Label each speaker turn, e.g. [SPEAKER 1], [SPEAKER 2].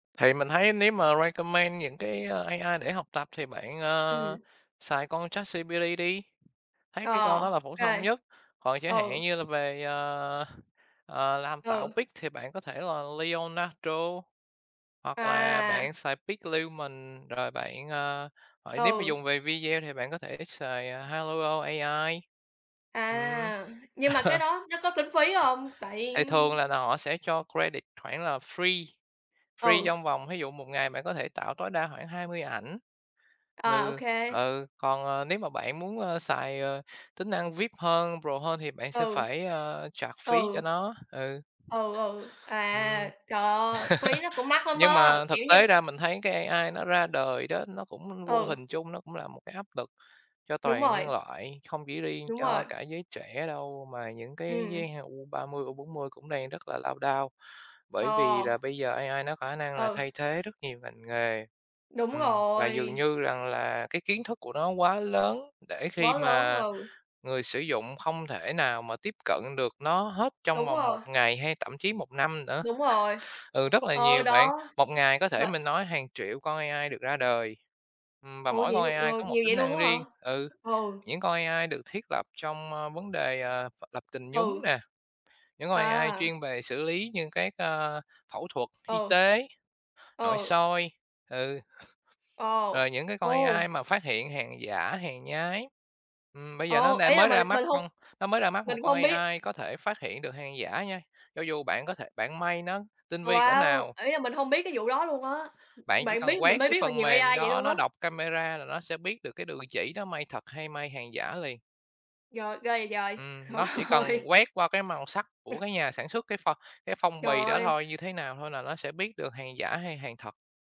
[SPEAKER 1] Thì mình thấy nếu mà recommend những cái, ơ, AI để học tập thì bạn, ờ,
[SPEAKER 2] Ừm.
[SPEAKER 1] xài con ChatGPT đi, thấy
[SPEAKER 2] Ờ,
[SPEAKER 1] cái con
[SPEAKER 2] ô
[SPEAKER 1] đó là phổ thông
[SPEAKER 2] kê.
[SPEAKER 1] nhất. Còn chẳng hạn
[SPEAKER 2] Ừ.
[SPEAKER 1] như là về, ờ, ờ, làm tạo
[SPEAKER 2] Ừ.
[SPEAKER 1] pic thì bạn có thể là Leonardo, hoặc là
[SPEAKER 2] À!
[SPEAKER 1] bạn xài PicLumen, rồi bạn, ờ, nếu mà
[SPEAKER 2] Ừ.
[SPEAKER 1] dùng về video thì bạn có thể xài Hailuo AI. Ừm.
[SPEAKER 2] À! Nhưng mà cái đó nó có tính phí hông? Tại
[SPEAKER 1] Thì thường là n họ sẽ cho credit khoảng là free, free
[SPEAKER 2] Ừ.
[SPEAKER 1] trong vòng, thí dụ, 1 ngày bạn có thể tạo tối đa khoảng 20 ảnh.
[SPEAKER 2] À, ô
[SPEAKER 1] Ừ,
[SPEAKER 2] kê.
[SPEAKER 1] ừ, còn, ờ, nếu mà bạn muốn xài, ờ, tính năng VIP hơn, pro hơn, thì bạn sẽ
[SPEAKER 2] Ừ.
[SPEAKER 1] phải, ờ, charge phí cho
[SPEAKER 2] Ừ.
[SPEAKER 1] nó, ừ.
[SPEAKER 2] Ừ, ừ,
[SPEAKER 1] Ừm.
[SPEAKER 2] à, trời ơ phí nó cũng mắc lắm
[SPEAKER 1] Nhưng
[SPEAKER 2] á,
[SPEAKER 1] mà thực
[SPEAKER 2] kiểu như
[SPEAKER 1] tế ra mình thấy cái AI nó ra đời đó, nó cũng vô
[SPEAKER 2] Ừ.
[SPEAKER 1] hình chung nó cũng là một cái áp lực cho
[SPEAKER 2] Đúng
[SPEAKER 1] toàn nhân
[SPEAKER 2] rồi.
[SPEAKER 1] loại, không chỉ riêng
[SPEAKER 2] Đúng
[SPEAKER 1] cho
[SPEAKER 2] rồi.
[SPEAKER 1] cả giới trẻ đâu, mà những cái giới
[SPEAKER 2] Ừm.
[SPEAKER 1] he U30, U40 cũng đang rất là lao đao, bởi vì là
[SPEAKER 2] Ờ.
[SPEAKER 1] bây giờ AI nó có khả năng là
[SPEAKER 2] Ừ.
[SPEAKER 1] thay thế rất nhiều ngành nghề.
[SPEAKER 2] Đúng
[SPEAKER 1] Ừm, và dường
[SPEAKER 2] rồi.
[SPEAKER 1] như rằng là cái kiến thức của nó quá lớn để khi
[SPEAKER 2] Bó lớn,
[SPEAKER 1] mà
[SPEAKER 2] ừ.
[SPEAKER 1] người sử dụng không thể nào mà tiếp cận được nó hết trong
[SPEAKER 2] Đúng
[SPEAKER 1] vòng 1
[SPEAKER 2] rồi.
[SPEAKER 1] ngày hay thậm chí 1 năm nữa.
[SPEAKER 2] Đúng rồi,
[SPEAKER 1] Ừ, rất là
[SPEAKER 2] ờ,
[SPEAKER 1] nhiều bạn,
[SPEAKER 2] đó,
[SPEAKER 1] 1 ngày có thể,
[SPEAKER 2] vậy
[SPEAKER 1] mình nói, hàng triệu con AI được ra đời, ừm, và
[SPEAKER 2] Ủa
[SPEAKER 1] mỗi
[SPEAKER 2] vậy
[SPEAKER 1] con
[SPEAKER 2] luôn,
[SPEAKER 1] AI
[SPEAKER 2] ờ,
[SPEAKER 1] có một
[SPEAKER 2] nhiều vậy
[SPEAKER 1] tính
[SPEAKER 2] luôn
[SPEAKER 1] năng
[SPEAKER 2] á hả?
[SPEAKER 1] riêng. Ừ,
[SPEAKER 2] Ừ.
[SPEAKER 1] những con AI được thiết lập trong, ơ, vấn đề, ờ, v lập trình nhúng
[SPEAKER 2] Ừ.
[SPEAKER 1] nè, những con AI
[SPEAKER 2] À
[SPEAKER 1] chuyên về xử lý như các, ờ, phẫu thuật y
[SPEAKER 2] Ừ.
[SPEAKER 1] tế, nội
[SPEAKER 2] Ừ.
[SPEAKER 1] soi, ừ.
[SPEAKER 2] Ờ.
[SPEAKER 1] Rồi những cái con
[SPEAKER 2] Ồ.
[SPEAKER 1] AI mà phát hiện hàng giả, hàng nhái, ừm, bây giờ nó
[SPEAKER 2] Ồ, ý
[SPEAKER 1] đang
[SPEAKER 2] là,
[SPEAKER 1] mới
[SPEAKER 2] mình
[SPEAKER 1] ra mắt
[SPEAKER 2] mình hông
[SPEAKER 1] con nó mới ra mắt
[SPEAKER 2] mình
[SPEAKER 1] một con
[SPEAKER 2] hông biết
[SPEAKER 1] AI có thể phát hiện được hàng giả nha, cho dù bạn có thể bạn may nó tinh
[SPEAKER 2] Ồ,
[SPEAKER 1] vi cỡ
[SPEAKER 2] wow!
[SPEAKER 1] nào
[SPEAKER 2] Ý là, mình hông biết cái vụ đó luôn á,
[SPEAKER 1] bạn
[SPEAKER 2] ừm,
[SPEAKER 1] chỉ
[SPEAKER 2] bạn
[SPEAKER 1] cần
[SPEAKER 2] biết mình
[SPEAKER 1] quét
[SPEAKER 2] mới
[SPEAKER 1] cái
[SPEAKER 2] biết là
[SPEAKER 1] phần
[SPEAKER 2] nhiều
[SPEAKER 1] mềm
[SPEAKER 2] AI vậy
[SPEAKER 1] đó,
[SPEAKER 2] luôn
[SPEAKER 1] nó
[SPEAKER 2] á.
[SPEAKER 1] đọc camera là nó sẽ biết được cái đường chỉ đó may thật hay may hàng giả liền.
[SPEAKER 2] Rồi, ghê vậy giời.
[SPEAKER 1] Ừm,
[SPEAKER 2] Trời
[SPEAKER 1] nó xỉ cần
[SPEAKER 2] ơi.
[SPEAKER 1] quét qua cái màu sắc của cái nhà sản xuất, cái phong cái phong
[SPEAKER 2] Trời
[SPEAKER 1] bì đó
[SPEAKER 2] ơi.
[SPEAKER 1] thôi, như thế nào thôi là nó sẽ biết được hàng giả hay hàng thật.